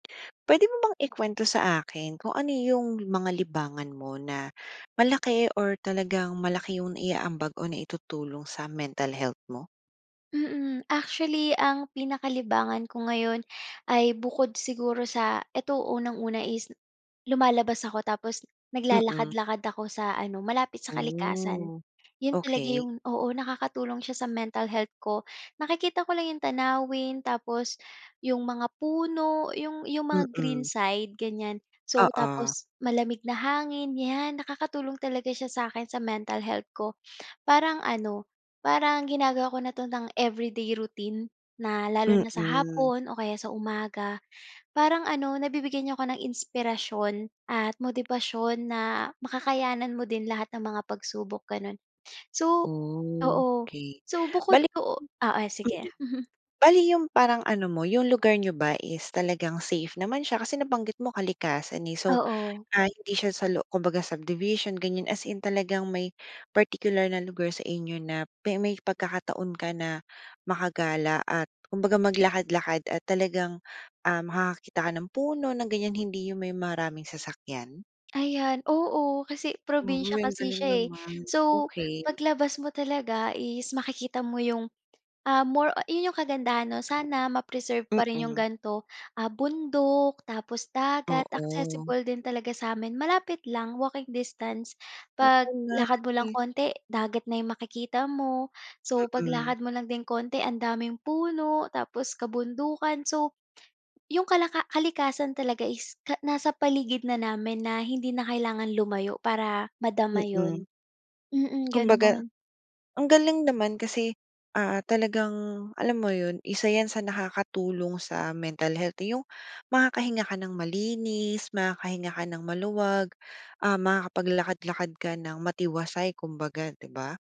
Puwede mo bang ikuwento sa akin kung ano yung mga libangan mo na malaki or talagang malaki yung naiaambag o naitutulong sa mental health mo? Mm. Actually, ang pinaka-libangan ko ngayon ay bukod siguro sa eto, unang-una is lumalabas ako tapos Mm. naglalakad-lakad ako sa ano, malapit sa kalikasan. Oh, Yun talaga okey. yung oo, nakakatulong siya sa mental health ko. Nakikita ko lang yung tanawin tapos yung mga puno, yung yung mga green Mm. side, ganiyan. So, Oo. tapos malamig na hangin. 'Yan, nakakatulong talaga siya sa akin, sa mental health ko. Parang ano, parang ginagawa ko na 'to ng everyday routine na, lalo na sa Mm. hapon o kaya sa umaga. Parang ano, nabibigyan niya ako ng inspirasyon at motibasyon na makakayanan mo din lahat ng mga pagsubok, ganun. So oo. Okey. So, bukod Bale, doo oo, sige, mm, mm. bale yung parang ano mo, yung lugar niyo ba is talagang safe naman siya, kasi nabanggit mo kalikasan, eh, so, Oo. ah, hindi siya sa lo kumbaga subdivision ganiyan, as in talagang may particular na lugar sa inyo na pe may pagkakataon ka na makagala at kumbaga maglakad-lakad at talagang, ah, makakakita ka ng puno ng ganiyan, hindi yung may maraming sasakyan? Ayan, oo. Kasi probinsiya Uy, ang kasi galing siya, eh. naman. So, Okey. paglabas mo talaga is makikita mo yung, ah, more yun yung kagandahan 'no. Sana ma-preserve pa rin yung Mm. ganito, ah, bundok tapos dagat. Oo. Accessible din talaga sa'min, malapit lang, walking distance. Oo nga, Paglakad mo lang eh. konti, dagat na yung makikita mo. So, Mm. paglakad mo lang din konti, ang daming puno tapos kabundukan. So, yung kalaka kalikasan talaga is ka nasa paligid na namin na hindi na kailangan lumayo para madama 'yon, Mm. mm, Kumbaga, gano'n. ang galing naman kasi, ah, talagang alam mo yun, isa 'yan sa nakakatulong sa mental health, eh, yung makakahinga ka ng malinis, makakahinga ka ng maluwag. Ah, makakapaglakad-lakad ka ng matiwasay kumbaga, di ba?